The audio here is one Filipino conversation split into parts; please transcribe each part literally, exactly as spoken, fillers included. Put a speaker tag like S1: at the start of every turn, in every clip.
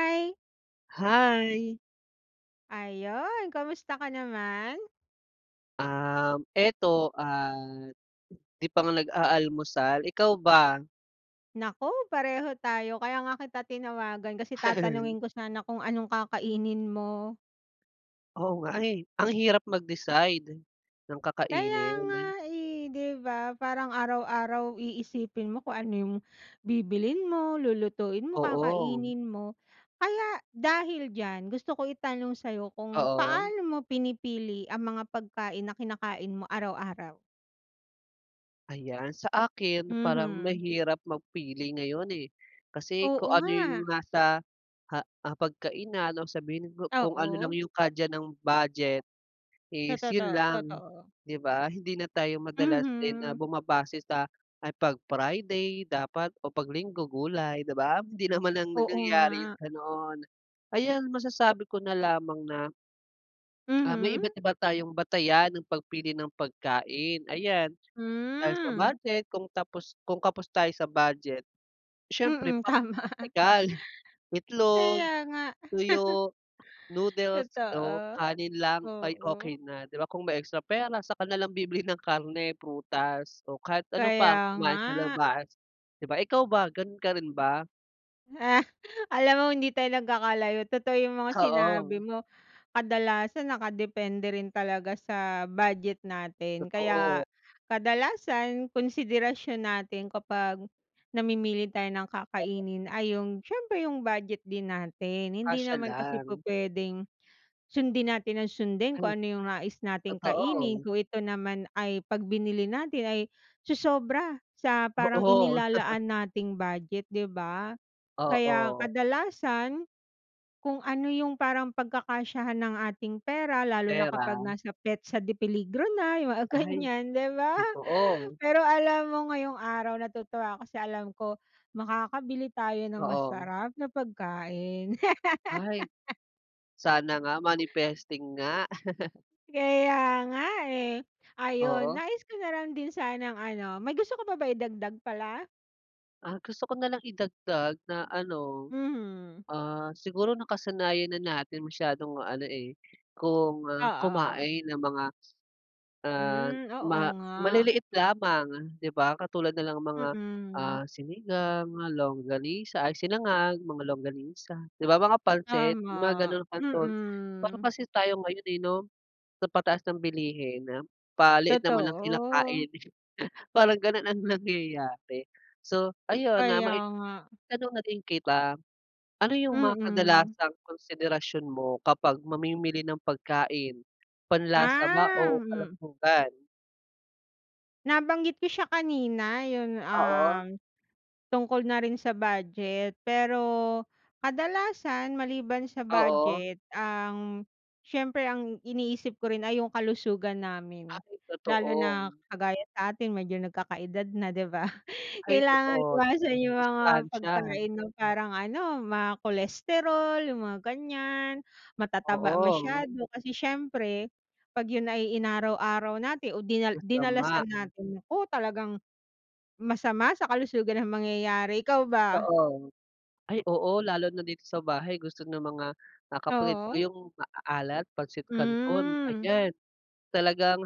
S1: Hi.
S2: Hi.
S1: Ayun, kamusta ka naman?
S2: Um, eto, ah, di pa nga nag-aalmusal, ikaw ba?
S1: Naku, pareho tayo. Kaya nga kita tinawagan kasi tatanungin ko sana kung anong kakainin mo.
S2: Oo nga eh. Ang hirap mag-decide ng
S1: Kaya nga
S2: kakainin.
S1: eh, di ba, parang araw-araw iisipin mo kung ano yung bibilhin mo, lulutuin mo,
S2: Oo.
S1: kakainin mo. Kaya dahil diyan, gusto ko itanong sayo kung
S2: Oo.
S1: paano mo pinipili ang mga pagkain na kinakain mo araw-araw?
S2: Ayan, sa akin, parang
S1: Mhm.
S2: mahirap mag pili ngayon eh. Kasi
S1: Oo
S2: kung ano
S1: nga.
S2: yung nasa ha hapagkainan no sabihin ku kung ano lang
S1: Oo.
S2: yung kadya ng budget
S1: Sa
S2: is yun
S1: totoo
S2: lang
S1: totoo.
S2: di ba? Hindi na tayo madalas din na
S1: Mhm.
S2: bumabase sa ay pag Friday dapat o pag Linggo gulay di ba? Hindi naman nang
S1: Oo
S2: nangyari yung
S1: nga.
S2: ganon. Ayan, masasabi ko na lamang na Ah, may
S1: Mhm.
S2: iba't iba tayong batayan ng pagpili ng pagkain. Ayan, dahil sa
S1: Hmm.
S2: budget kung tapos kung kapos tayo sa budget siyempre
S1: Mm
S2: pra
S1: tama.
S2: praktikal. Itlog,
S1: Kaya nga.
S2: tuyo, noodles o
S1: Totoo,
S2: kanin lang ay okey
S1: oo.
S2: na di ba? Kung may extra pera, saka na lang bibili ng karne, prutas o kahit ano pang
S1: Kaya nga.
S2: kumain sa labas di ba? Ikaw ba, ganon ka rin ba?
S1: Alam mo, hindi tayo nagkakalayo. Totoo yung mga
S2: Oo.
S1: sinabi mo. Kadalasan, nakadepende rin talaga sa budget natin,
S2: Totoo.
S1: kaya, kadalasan konsiderasyon natin kapag namimili tayo ng kakainin ay yung siyempre, yung budget din natin. Hindi
S2: Kasya
S1: naman kasi
S2: lang.
S1: pu-pwedeng, sundin natin nang sundin
S2: Ay,
S1: kung ano yung nais nating kainin
S2: totoo.
S1: kung ito naman, ay kapag binili natin, ay sosobra sa parang
S2: Oo.
S1: inilalaan nating budget, 'di ba? Kaya
S2: Oo.
S1: kadalasan, kung ano yung parang pagkakasyahan ng ating pera lalo na kapag
S2: Pera.
S1: nasa petsa de peligro na, yung mga
S2: Ay,
S1: ganyan, di ba?
S2: totoo.
S1: Pero alam mo, ngayong araw, natutuwa ako kasi alam ko, makakabili tayo ng
S2: Oo.
S1: masarap na pagkain.
S2: Ay, sana nga, manifesting nga.
S1: Kaya nga eh. Ayun,
S2: Oo.
S1: nais ko na lang din sanang ano may gusto ko pa ba idagdag pala?
S2: Ah, gusto ko na lang idagdag na ano,
S1: Mhm.
S2: ah, siguro nakasanayan na natin masyadong ano, eh, kung
S1: Oo, oo.
S2: kumain ng mga ah,
S1: Hmm, oo nga.
S2: maliliit lamang, 'di ba? Katulad na lang ng mga,
S1: Mm.
S2: ah, sinigang nga, longganisa ay, sinangag, mga longganisa, 'di ba? Mga pansit, mga
S1: Tama,
S2: ganong canton. Pero
S1: mm.
S2: kasi tayo ngayon, eh, no, sa pataas ng bilihin, paliit naman ang kinakain,
S1: Totoo.
S2: parang ganon ang nangyayari. So ayun na,
S1: Kaya
S2: may
S1: nga.
S2: tanong na din kita. Ano yung mga
S1: Mm.
S2: kadalasang konsiderasyon mo kapag mamimili ng pagkain? Panlasa ba
S1: Ah,
S2: o
S1: hmm.
S2: kalusugan?
S1: Nabanggit ko siya kanina yung,
S2: Oo.
S1: um, Tungkol na rin sa budget, pero kadalasan maliban sa
S2: Oo.
S1: budget ang siyempre ang iniisip ko rin ay yung kalusugan namin.
S2: Ay
S1: Lalo
S2: totoo.
S1: na kagaya sa atin medyo nagkakaedad na 'di ba
S2: Ay
S1: kailangan
S2: totoo.
S1: iwasan yung mga
S2: Masustansya.
S1: pagkain na parang ano mga cholesterol yung mga ganyan, matataba
S2: Oo.
S1: masyado kasi siyempre pag yun ay inaraw araw natin o din
S2: Masama.
S1: dinalasan natin nako talagang, masama sa kalusugan ng mangyayari. Ikaw ba?
S2: Oo. Ay oo lalo na dito sa bahay gusto ng mga, ah, kapatid ko
S1: Oo.
S2: yung maaalat Pancit Canton
S1: Hmm.
S2: ayan. Talagang,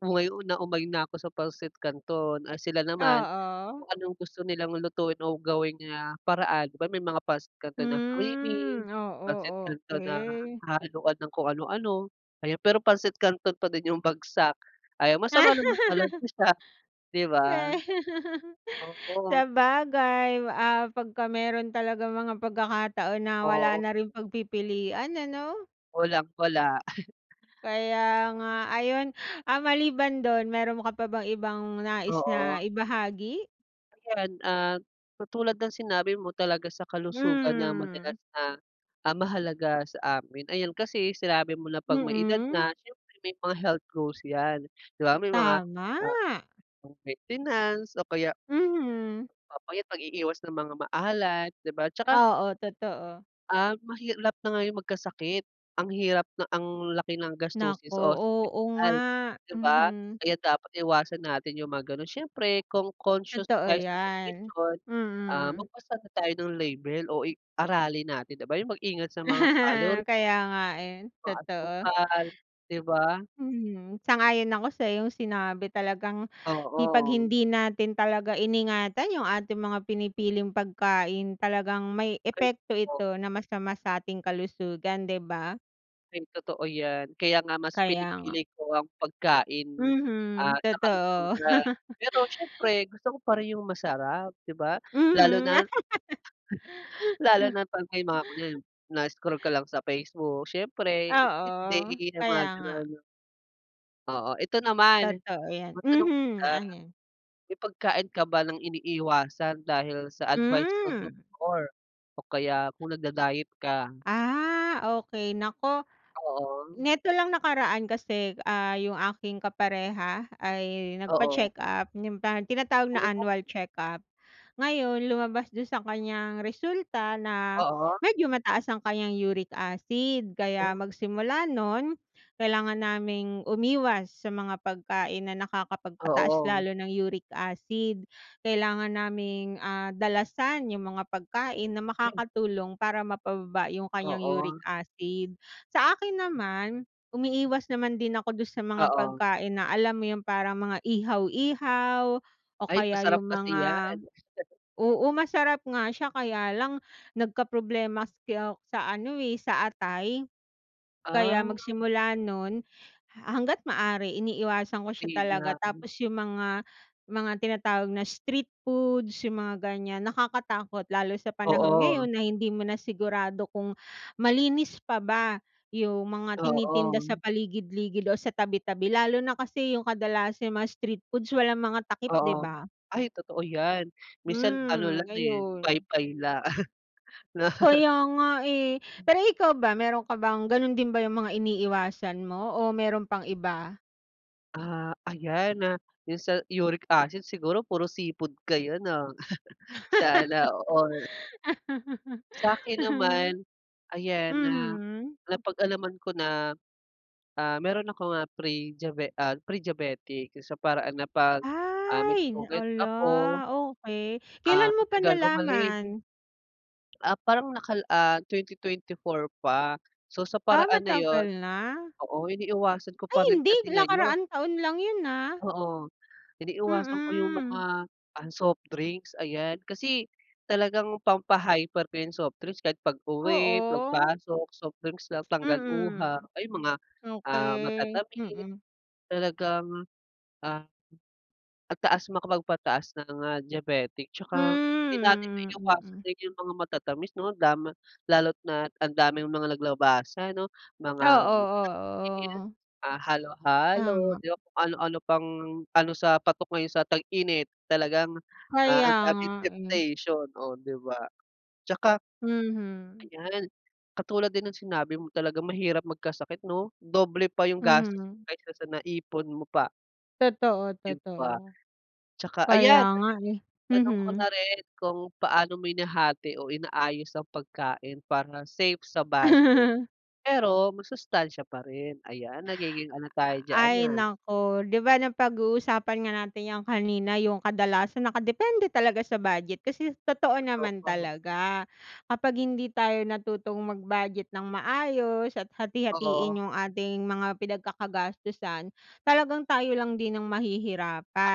S2: umay na umay na ko sa Pancit Canton, ah, sila naman,
S1: Oo.
S2: kung anong gusto nilang lutuin o gawin na paraan. 'Di ba may mga Pansit Canton na creamy,
S1: Hmm,
S2: Pancit
S1: oo,
S2: Canton na
S1: okey.
S2: hahaluan ng kung ano-ano. Ayan pero pansit kanton pa din yung bagsak, ayan masama naman talaga siya 'di ba. Oo.
S1: Sabagay, ah, pag ka meron talagang mga pagkakataon na wala
S2: Oo.
S1: na rin pagpipilian ano.
S2: Walang-wala.
S1: Kaya nga ayun, ah, maliban dun meron ka pa bang ibang nais
S2: Oo.
S1: na ibahagi?
S2: Yan, ah, katulad ng sinabi mo talaga sa kalusugan na
S1: Hmm.
S2: madalas na, um, mahalaga sa amin, ayan kasi sinabi mo na pag may edad
S1: Mm.
S2: na siyempre may mga health goals yan di ba? May mga,
S1: Tama.
S2: ah, pang maintenance o kaya
S1: Mhm.
S2: papayat pag-iiwas ng mga maalat di ba at saka
S1: Oo totoo.
S2: Um, mahirap na ngayon magkasakit, ang hirap na ang laki ng
S1: Naku
S2: gastusin sa
S1: oo nga,
S2: ospital di ba?
S1: mhm.
S2: Kaya dapat iwasan natin yung mga ganun. Siyempre kung conscious
S1: Totoo
S2: tayo sa
S1: yan,
S2: nutrisyon, ah,
S1: mm.
S2: magbasa na tayo ng label o i-aralin natin di ba yung mag-ingat sa mga calorie
S1: Kaya nga eh
S2: mga
S1: totoo.
S2: asukal di ba?
S1: Mhm, sang-ayon ako sa iyong sinabi talagang i pag
S2: Oo.
S1: hindi natin talaga iningatan yung ating mga pinipiling pagkain talagang may
S2: Ayun
S1: epekto
S2: po.
S1: ito na masama sa ating kalusugan di ba?
S2: Ay totoo yan, kaya nga mas
S1: Kaya nga.
S2: pinipili ko ang pagkain
S1: Mhm
S2: at sa
S1: totoo.
S2: kalusugan, pero siyempre gusto ko pa rin yung masarap di ba? Lalo
S1: Mhm.
S2: na Lalo na pag may mga kunyari na-scroll ka lang sa Facebook, siyempre cheat day
S1: Oo
S2: yang mga
S1: kaya nga.
S2: ganun. O ito naman,
S1: Totoo yan,
S2: matanong
S1: mhm,
S2: kita,
S1: ano yun?
S2: may pagkain ka ba ng iniiwasan dahil sa advice ng
S1: Mm.
S2: doktor? O kaya kung nada-diet ka?
S1: Ah, okey, naku,
S2: Oo.
S1: neto lang nakaraan kasi ah, yung aking kapareha ay
S2: Oo.
S1: nagpa-check-up, yung tinatawag na
S2: Oh.
S1: annual checkup, ngayon lumabas dun sa kanyang resulta na
S2: Oo.
S1: medyo mataas ang kanyang uric acid, kaya
S2: Oh.
S1: magsimula nun kailangan naming umiwas sa mga pagkain na nakakapagpataas
S2: Oo.
S1: lalo ng uric acid. Kailangan naming, ah, dalasan yung mga pagkain na
S2: Ay.
S1: makakatulong para mapababa yung kanyang uric
S2: Oo.
S1: acid. Sa akin naman, umiiwas naman din ako dun sa mga
S2: Oo.
S1: pagkain na alam mo yung parang mga ihaw-ihaw, o
S2: Ay
S1: kaya
S2: masarap
S1: yung
S2: kasi yan
S1: mga oo, masarap nga siya kaya lang, nagkaproblema ako sa ano eh, sa atay.
S2: Ah.
S1: Kaya magsimula nun, ha hangga't maaari iniiwasan ko siya talaga tapos yung mga mga tinatawag na street foods yung mga ganyan, nakakatakot lalo sa panahon
S2: Oo.
S1: ngayon na hindi mo na sigurado kung malinis pa ba yung mga tinitinda sa
S2: Oo.
S1: paligid-ligid o sa tabi-tabi lalo na kasi yung kadalasang mga street foods walang mga takip, 'di
S2: Oo,
S1: ba?
S2: ay totoo yan, minsan ano
S1: Mm,
S2: lang eh,
S1: ayun.
S2: paypay lang 'no?
S1: Kaya nga eh. Pero ikaw ba meron ka bang ganun din ba yung mga iniiwasan mo? O meron pang iba?
S2: Ah, ayan na yung sa uric acid siguro puro seafood kayo, 'no? Sana all. Sa'kin naman, ayan, na
S1: Mhm.
S2: napag-alaman ko na, ah, meron akong, ah, prediabe ah, prediabetic, sa paraan na 'pag, ah, may
S1: Ay,
S2: sugat ako
S1: ala, okey.
S2: ah,
S1: Kelan mo pa
S2: matagal gumaling.
S1: nalaman?
S2: Ah, parang nakal ah, twenty twenty four pa. So, sa
S1: Ah,
S2: paraan na yun
S1: matagal na?
S2: oo, iniiwasan ko
S1: Ay,
S2: pa rin
S1: hindi.
S2: kasi ngayon.
S1: Nakaraang taon lang yun ah.
S2: Oo, iniiwasan ko yung
S1: Mm.
S2: mga, ah, soft drinks, ayan. Kasi talagang pampa-hyper ko yung softdrinks kahit pag-uwi,
S1: Oo.
S2: pagpasok, soft drinks lang, tanggal uhaw,
S1: Mm.
S2: ayun, mga, ah,
S1: Okey,
S2: matatamis
S1: mm.
S2: talagang, ah, ang taas makapagpataas ng, ah, diabetic tsaka hindi natin
S1: Hmm,
S2: maiiwasan
S1: mm.
S2: din yung mga matatamis, 'no, lama lalo't na ang daming mga naglabasan, 'no,
S1: Oo,
S2: mga [unintelligible]
S1: oo, oo.
S2: ah, halo-halo,
S1: Tama.
S2: di ba? Kung ano-ano pang ano, sa patok ngayon sa tag-init talagang, ah,
S1: Kaya
S2: ang
S1: nga
S2: daming
S1: eh.
S2: temptation. Oh, di ba? Tsaka
S1: Mhm.
S2: Ayan, katulad din ng sinabi mo talagang mahirap magkasakit, 'no? Doble pa yung gastos
S1: Mhm.
S2: kaysa sa naipon mo pa.
S1: Totoo,
S2: Yun
S1: totoo.
S2: pa. Tsaka
S1: Kaya
S2: ayan,
S1: nga, eh,
S2: tanong ko na
S1: mhm.
S2: rin, kung paano mo hinahati o inaayos ang pagkain para safe sa budget. Pero masustansiya pa rin. Ayan, nagiging ano
S1: A
S2: tayo diyan,
S1: ay,
S2: ah.
S1: naku, 'di ba, napaguusapan nga natin yang kanina, yung kadalasan nakadepende talaga sa budget. Kasi totoo naman
S2: Oo.
S1: talaga kapag hindi tayo natutong mag-budget ng maayos at hati-hatiin
S2: Oo.
S1: yung ating mga pinagkakagastusan, talagang tayo lang din ang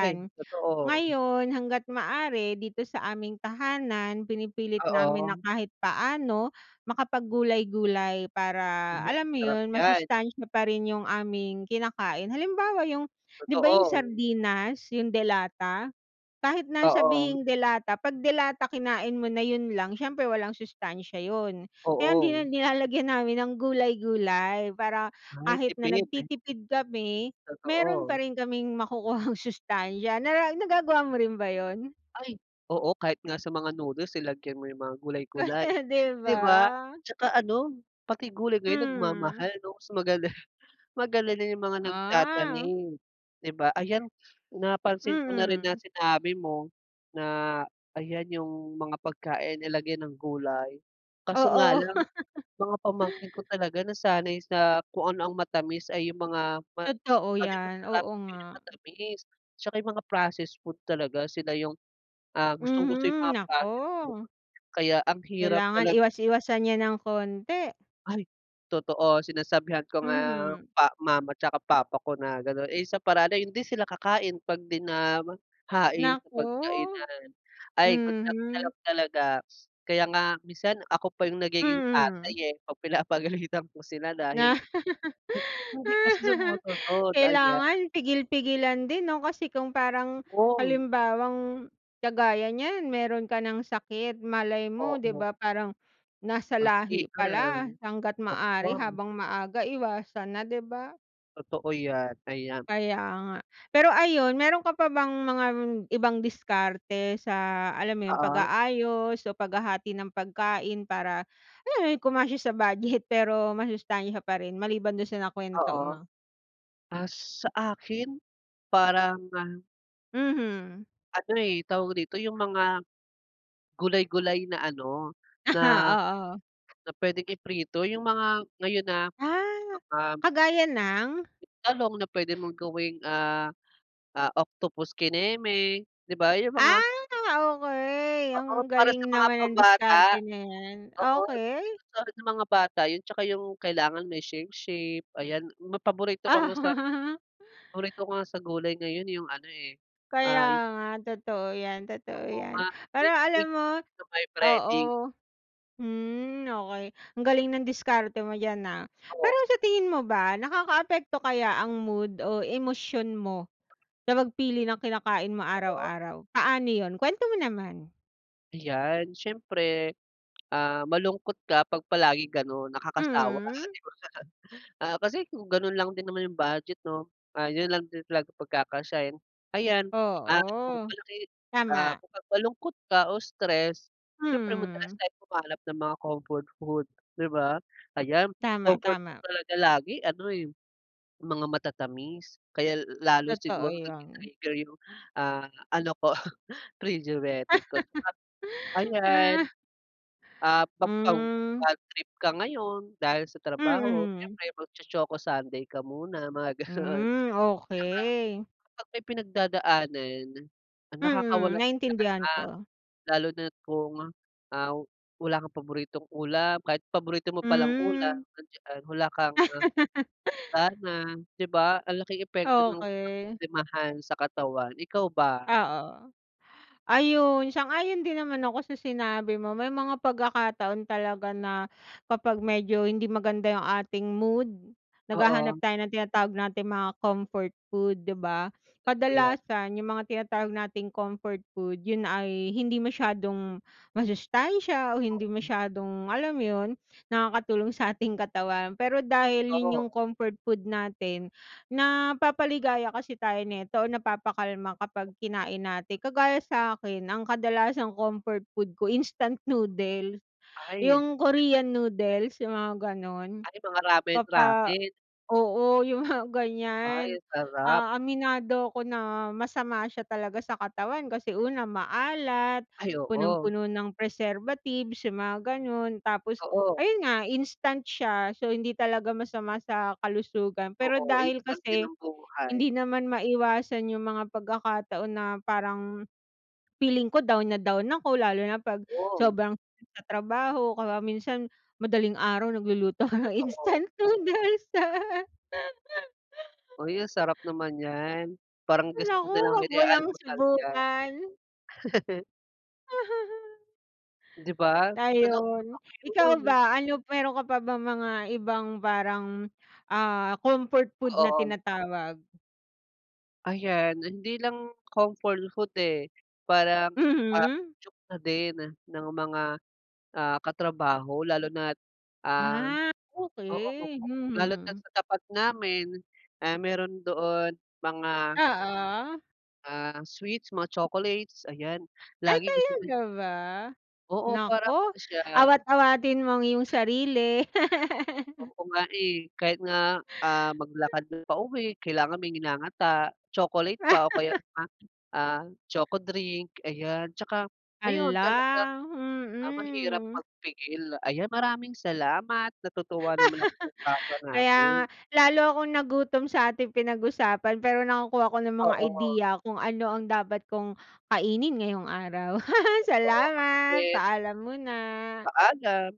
S2: Ay, totoo.
S1: Ngayon, hangga't maaari dito sa aming tahanan pinipilit namin na
S2: Oo.
S1: kahit paano makapag gulay-gulay, para
S2: Ay,
S1: alam mo
S2: sarap
S1: yun,
S2: yan.
S1: masustansya pa rin yung aming kinakain. Halimbawa, yung di ba, yung
S2: Totoo.
S1: sardinas, yung de lata, kahit na
S2: Oo.
S1: sabihing de lata 'pag de lata kinain mo na yun lang, siyempre walang sustansiya yun. Kaya hindi na
S2: Oo
S1: nilalagyan namin ng gulay-gulay, para
S2: Ay,
S1: kahit na
S2: tipid.
S1: nagtitipid kami meron pa
S2: Totoo.
S1: rin kaming makukuhang sustansiya nara nagagawa mo rin ba yun?
S2: Ay, oo kahit nga sa mga noodles, eh, lagyan mo yung mga gulay-gulay,
S1: 'Di
S2: 'di
S1: ba?
S2: ba? Tsaka ano pati gulay ngayon
S1: Hmm.
S2: nagmamahal, 'no? So, magala magalala yung mga
S1: Ah.
S2: nagtatanim, 'di ba? Ayan, napansin ko na rin na
S1: Mm.
S2: sinabi mo na ayan yung mga pagkain nilagyan ng gulay, kaso nga
S1: Oo.
S2: lang mga pamangkin ko talaga nasanay sa kung ano ang matamis ay yung mga ma
S1: Totoo
S2: kung ano yung
S1: yan,
S2: masarap,
S1: oo nga.
S2: yun yung matamis. Tsaka yung mga processed food talaga sila yung, ah, gustong gusto yung
S1: Mhm,
S2: mga processed food,
S1: naku.
S2: kaya ang hirap
S1: Kailangan
S2: talag
S1: iwas-iwasan 'yan ng konti.
S2: Ay, totoo sinasabihan ko nga
S1: Mhm.
S2: pa mama tsaka papa ko na ganon, eh, sa paraan na yun, hindi sila kakain 'pag 'di na mahain sa
S1: Naku,
S2: pagkainan. Ay, good luck na
S1: mhm.
S2: lang talaga. Kaya nga minsan ako pa yung nagiging
S1: Mm.
S2: tatay, eh, 'pag pinapagalitan ko sila
S1: Nga
S2: dahil hmm, hindi kasi sumusunod, ayan.
S1: kailangan pigil-pigilan din, 'no, kasi kung parang
S2: Om.
S1: halimbawang kagaya niyan meron ka ng sakit, malay mo, 'di
S2: Oo.
S1: ba? Parang nasa lahi
S2: Ma-trigger,
S1: pala, hanggat maaari
S2: oo.
S1: habang maaga iwasan na, 'di ba?
S2: Totoo 'yan, ayan.
S1: Kaya nga. Pero, ayun, meron ka pa bang mga ibang diskarte sa, alam mo yun,
S2: Oo.
S1: pag-aayos o paghahati ng pagkain para, ayun, kumasya sa budget pero masustansya pa rin, maliban dun sa nakwento
S2: Oo.
S1: mo?
S2: Ah, sa akin, parang, ah
S1: Mhm.
S2: Ano eh tawag dito yung mga gulay-gulay na ano, na
S1: Ah, oo.
S2: na puwedeng iprito yung mga, ngayon na,
S1: Ah,
S2: mga
S1: kagaya ng?
S2: talong na puwede mong gawing, ah, ah, octopus kineme, 'di ba, yung mga
S1: Ah, okey.
S2: Oo,
S1: Ang
S2: para sa
S1: galing
S2: mga
S1: naman ng
S2: pambata.
S1: diskarte na 'yan,
S2: Oo, sa
S1: okey.
S2: sa mga bata yun tsaka yung kailangan may shape shape, ayan. Ma paborito ko nga sa
S1: Ah.
S2: paborito ko nga sa gulay ngayon yung ano eh,
S1: Kaya
S2: ah
S1: nga, totoo 'yan, totoo
S2: Oo
S1: 'yan.
S2: nga.
S1: Pero alam
S2: Dinikdik,
S1: mo
S2: sa may
S1: oo.
S2: breading.
S1: Hmm, okey. Ang galing ng diskarte mo diyan, ah.
S2: Oo.
S1: Pero sa tingin mo ba, nakakaapekto kaya ang mood o emosyon mo sa pagpili ng kinakain mo
S2: Oo.
S1: araw-araw? Paano yun? Kwento mo naman.
S2: Ayan siyempre, ah, malungkot ka 'pag palaging gano'n nakakasawa 'di ba?
S1: Mm.
S2: Ah, kasi kung ganun lang din naman yung budget 'no, ah, 'yun lang din talaga pagkakasyahin. Ayan, ah,
S1: Oo,
S2: malaki, ah,
S1: tama.
S2: pag malungkot ka o stress s'yempre madalas
S1: Mm.
S2: tayong humanap ng mga comfort food 'di ba? Ayan
S1: Tama,
S2: comfort food
S1: tama.
S2: talaga lagi ano eh, mga matatamis kaya l lalo
S1: Totoo
S2: siguro
S1: yan.
S2: nati-trigger yung, ah, ano ko frigeritic ko [unintelligible] ayan,
S1: Ah.
S2: ah, pag, pag
S1: Mm.
S2: badtrip ka ngayon dahil sa trabaho
S1: Mhm.
S2: siyempre mag cho-choco sundae ka muna mga ganun.
S1: Mm, okey.
S2: Kapag may pinagdadaanan ang
S1: Mm,
S2: nakakawala ng gana,
S1: naiintindihan ko.
S2: lalo na't kung, ah, wala kang paboritong ulam, kahit paborito mo palang ulam andiyan wala kang, ah, gana 'di ba? Ang laking epekto ng
S1: Okey.
S2: ka-problemahan sa katawan, ikaw ba?
S1: Oo, ayun sang-ayon din naman ako sa sinabi mo may mga pagkakataon talaga na kapag medyo hindi maganda yung ating mood naghahanap
S2: Oo.
S1: tayo ng tinatawag nating mga comfort food, 'di ba?
S2: Totoo yan.
S1: Kadalasan yung mga tinatawag nating comfort food 'yun ay hindi masyadong masustansiya o hindi masyadong, alam yun, nakakatulong sa ating katawan pero dahil 'yun yung
S2: Oo.
S1: comfort food natin napapaligaya kasi tayo nito o napapakalma kapag kinain natin, kagaya sa'kin ang kadalasang comfort food ko instant noodles,
S2: Ay yun
S1: yung
S2: nga.
S1: Korean noodles yung mga ganun
S2: Ay mga ramen,
S1: papa
S2: ramen.
S1: oo yung mga
S2: Ay
S1: ganyan,
S2: sarap.
S1: ah, aminado ko na masama siya talaga sa katawan kasi una maalat,
S2: Ay oo.
S1: punong-puno ng preservatives yung mga ganon tapos
S2: Oo.
S1: ayun nga instant siya, so, hindi talaga masama sa kalusugan pero
S2: Oo, yun
S1: dahil
S2: lang din
S1: kasi
S2: ng buhay.
S1: hindi naman maiwasan yung mga pagkakataon na parang feeling ko down na down ako lalo na pag
S2: Oo.
S1: sobrang pagta-trabaho kaya minsan madaling araw nagluluto ako ng
S2: Totoo.
S1: instant noodles.
S2: Uy, ang sarap naman yan, parang gusto ko
S1: Naku ako
S2: nalang
S1: wag mo ng
S2: i-almusal yan.
S1: subukan.
S2: Di ba? [unintelligible]
S1: Ayun, ikaw
S2: yun.
S1: ba? Ano meron ka pa bang mga ibang parang, ah, comfort food na
S2: Oo.
S1: tinatawag?
S2: Ayan hindi lang comfort food, eh, parang, ah,
S1: Mhm.
S2: cho na din ng mga, ah, katrabaho lalo na at, ah,
S1: Ah,
S2: oo
S1: okey,
S2: lalo na at
S1: mhm.
S2: sa tapat namin, eh, meron doon mga.
S1: Oo.
S2: Ah, sweets mga chocolates ayan
S1: Ay
S2: lagi gusto ni
S1: talaga ba?
S2: Oo
S1: Naku!
S2: parang ano siya.
S1: Awat-awatin mo ang iyong sarili.
S2: Oo nga, eh, kahit nga, ah, maglakad na pauwi kailangan may nginangata, chocolate pa o kaya, [unintelligible] ah, choco drink ayan at saka ayon talagang,
S1: Hala,
S2: ah, mahirap
S1: mhm.
S2: magpigil. Ayan maraming salamat natutuwa naman ako sa usapan
S1: Kaya nga
S2: natin.
S1: lalo akong nagutom sa ating pinag-usapan pero nakakuha ako ng mga
S2: Oo.
S1: ideya kung ano ang dapat kong kainin ngayong araw.
S2: Oo, ako
S1: Salamat,
S2: din.
S1: paalam muna.
S2: Paalam.